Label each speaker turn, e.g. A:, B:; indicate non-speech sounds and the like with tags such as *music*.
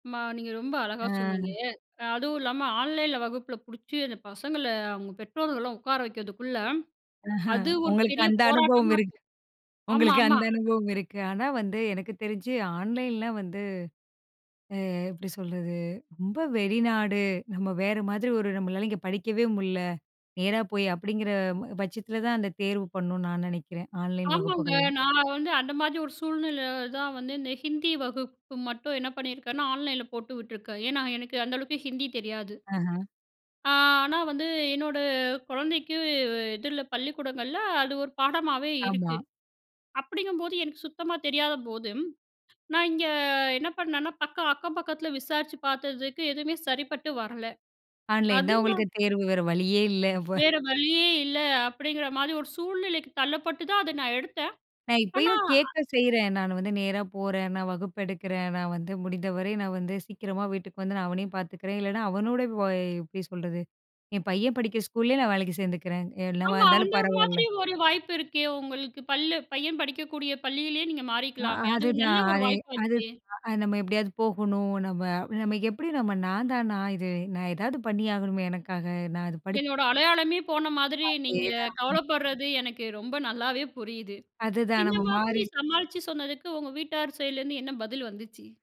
A: அம்மா! நீங்க ரொம்ப அழகா சொன்னீங்க.
B: ஆ.
A: அ அதுவும் இல்லாம ஆன்லைன்ல வகுப்பில பிடிச்சு அந்த பசங்கள அவுங்க பெற்றோர்கள்லாம் உட்கார வைக்கிறதுக்குள்ள
B: ஆஹ,
A: அது ஒரு
B: உங்களுக்கு
A: பெரிய
B: அந்த அனுபவம்
A: போராட்டமா
B: இருக்கு
A: *unintelligible* ஆமா,
B: உங்களுக்கு
A: ஆமா.
B: அந்த அனுபவம் இருக்கு. ஆனா, வந்து எனக்கு தெரிஞ்சு ஆன்லைன்லாம் வந்து, அ எப்பிடி சொல்றது ரொம்ப வெளிநாடு நம்ம வேற மாதிரி ஒரு நம்மளால இங்க படிக்கவே முடியல, நேரா போய் அப்பிடிங்கிற ப பட்சத்தில தான் அந்த தேர்வு பண்ணு நான் நினைக்கிறேன். ஆன்லைன்
A: ஆமாங்க.
B: வகுப்புகள்லாம்.
A: நான் வந்து அந்த மாதிரி ஒரு சூழ்நிலையில தான் வந்து இந்த ஹிந்தி வகுப்பு மட்டும் என்ன பண்ணியிருக்கேன்னா, ஆன்லைன்ல போட்டு விட்டுருக்கேன். ஏன்னா எனக்கு அந்த அளவுக்கு ஹிந்தி தெரியாது.
B: ஆஹா!
A: ஆ. ஆனா வந்து என்னோட குழந்தைக்கு வு இதில பள்ளிக்கூடங்கள்ல அது ஒரு பாடமாவே
B: ஆமா.
A: இருக்கு. அப்பிடிங்கம்போது எனக்கு சுத்தமா தெரியாதபோது நான் இங்கே என்ன பண்ணன்னா, பக்க, அக்கம் பக்கத்தில விசாரிச்சு பார்த்ததுக்கு எதுமே சரிப்பட்டு வரல.
B: ஆன்லைன்
A: அது
B: தான்
A: நான்
B: உங்களுக்கு தேர்வு, வேற வழியே இல்ல *chuckles* அப்ப.
A: வேற வழியே இல்ல அப்பிடிங்கிற மாதிரி ஒரு சூழ்நிலைக்கு தள்ளப்பட்டு தான் அத நான் எடுத்தேன்.
B: நான்
A: ஆனா
B: இப்பயும்
A: அ.
B: கேட்க செய்றேன். நான் வந்து நேரா போறேன், நான் வகுப்பு எடுக்கிறேன். நான் வந்து முடிந்தவரை நான் வந்து சீக்கிரமா வீட்டுக்கு வந்து நான் அவனையும் பார்த்துக்கிறேன் இல்லன்னா, அவனோட வோய் எப்பிடி சொல்றது? என் பையன் படிக்கிற ஸ்கூல்லேயே நான் வேலைக்கு சேர்ந்துக்கிறேன். எ என்னவா
A: ஆமா.
B: இருந்தாலும்
A: அந்த
B: பரவால்ல.
A: மாதிரி ஒரு வாய்ப்பு இருக்கே! உங்களுக்கு பள்ளு பள்ளி பையன் படிக்கக்கூடிய பள்ளியிலேயே நீங்க
B: அ
A: மாறிக்கலாமே! அது ஒரு நல்ல
B: அதுதான்.
A: ஒரு
B: அதே அது
A: வாய்ப்பாச்சே!
B: அ நம்ம எப்பிடியாவது போகணும், நம்ம நம்ம எப்பிடி நம்ம நான் தானா! இது நான் எதாவது பண்ணியாகணுமே! எனக்காக நான் அத படிச்
A: என்னோட அடையாளமே போன மாதிரி நீங்க
B: அதேதான்.
A: கவலைப்பட்றது எனக்கு ரொம்ப நல்லாவே புரியுது.
B: அதுதான்
A: இந்த
B: நம்ம
A: மாதிரி
B: மாறி.
A: சமாளிச்சு சொன்னதுக்கு உங்க வீட்டார் சைடுல இருந்து என்ன பதில் வந்துச்சு?